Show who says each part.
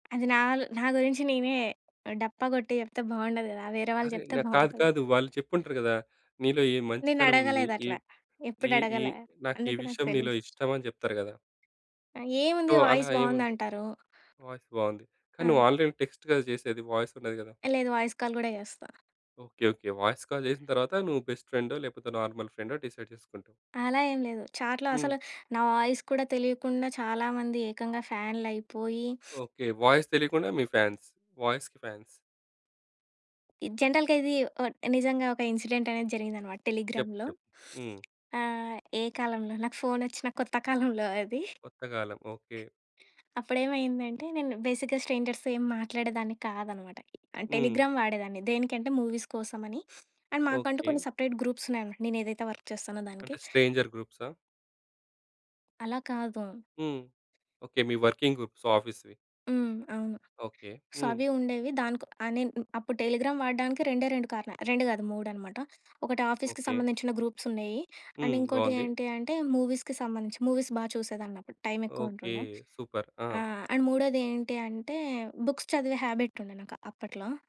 Speaker 1: అది నా ల్ నా గురించి నేనే డప్ప కొట్టి జెప్తే బాగుండదు గదా! వేరే వాళ్ళు
Speaker 2: అరే,
Speaker 1: జెప్తే
Speaker 2: న కాదు
Speaker 1: బావుంటది.
Speaker 2: కాదు. వాళ్ళు చెప్పుంటరు గదా! నీలో ఈ మంచితనం ఉంది. ఈ
Speaker 1: నేనడగలేదట్ల, ఎప్పుడు
Speaker 2: ఈ ఈ
Speaker 1: అడగలే
Speaker 2: నాకీ ఈ
Speaker 1: అందుకే నాకు
Speaker 2: విషయం నీలో
Speaker 1: తెలీదు.
Speaker 2: ఇష్టమని చెప్తరు గదా!
Speaker 1: ఏముంది
Speaker 2: సో, అలా
Speaker 1: వాయిస్
Speaker 2: ఏముంది?
Speaker 1: బావుందంటారు.
Speaker 2: వాయిస్ బావుంది. కానీ
Speaker 1: ఆ!
Speaker 2: నువ్వు ఆల్రెడీ టెక్స్ట్ గదా! చేసేది వాయిస్ ఉండది గదా!
Speaker 1: లేదు. వాయిస్ కాల్ గూడా జేస్తా.
Speaker 2: ఓకే. ఓకే. వాయిస్ కాల్ జేసిన తరువాత నువ్వు బెస్ట్ ఫ్రెండో, లేకపోతే నార్మల్ ఫ్రెండో డిసైడ్ చేసుకుంటావు.
Speaker 1: అలా ఏం లేదు. చాట్‌లో
Speaker 2: హ్మ్.
Speaker 1: అసలు, నా వాయిస్ కూడా తెలియకుండా చాలా మంది ఏకంగా ఫ్యాన్లయిపోయి
Speaker 2: ఓకే. వాయిస్ తెలియకుండా, మీ ఫాన్స్ వాయిస్‌కి ఫాన్స్.
Speaker 1: జనరల్‌గా ఇది ఒ నిజంగా ఒక ఇన్సిడెంట్ అనేది జరిగిందన్నమాట
Speaker 2: చెప్పు
Speaker 1: టెలిగ్రామ్‌లో.
Speaker 2: చెప్పు. హ్మ్.
Speaker 1: ఆహ్, ఏ కాలంలో నాకు ఫోనొచ్చిన కొత్త కాలంలో అది.
Speaker 2: కొత్త కాలం. ఓకే.
Speaker 1: అప్పుడేమైందంటే నేను బేసిక్‌గా స్ట్రేంజర్స్‌తో ఏం మాట్లాడేదాన్ని కాదన్నమాట.
Speaker 2: హ్మ్.
Speaker 1: టెలిగ్రామ్ వాడేదాన్ని. దేనికంటే మూవీస్ కోసమని అండ్ మాకంటూ
Speaker 2: ఓకే.
Speaker 1: కొన్ని సెపరేట్ గ్రూప్స్ ఉన్నాయన్నమాట నేను ఏదైతే వర్క్ చేస్తానో దానికి.
Speaker 2: అంటే స్ట్రేంజర్ గ్రూప్సా?
Speaker 1: అలా కాదు.
Speaker 2: హ్మ్. ఓకే. మీ వర్కింగ్ గ్రూప్స్, ఆఫీస్‌వి.
Speaker 1: హ్మ్. అవును.
Speaker 2: ఓకే.
Speaker 1: సో,
Speaker 2: హ్మ్.
Speaker 1: అవి ఉండేవి. దానికొ ఆహ్, నేను అప్పుడు టెలిగ్రామ్ వాడడానికి రెండే రెండు కారణాలు. రెండు గాదు మూడన్నమాట. ఒకటి ఆఫీస్‌కి
Speaker 2: ఓకే.
Speaker 1: సంబంధించిన గ్రూప్స్ ఉండేయి. అండ్
Speaker 2: హ్మ్.
Speaker 1: ఇంకోటి
Speaker 2: బావుంది.
Speaker 1: ఏంటి అంటే మూవీస్‌కి సంబంధించి, మూవీస్ బాగా చూసేదాన్నప్పుడు టైమ్ ఎక్కువ
Speaker 2: ఓకే.
Speaker 1: ఉంటుండే.
Speaker 2: సూపర్ ఆ!
Speaker 1: ఆహ్, అండ్ మూడోది ఏంటి అంటే బుక్స్ చదివే హ్యాబిట్ ఉంది నాకు అప్పట్లో.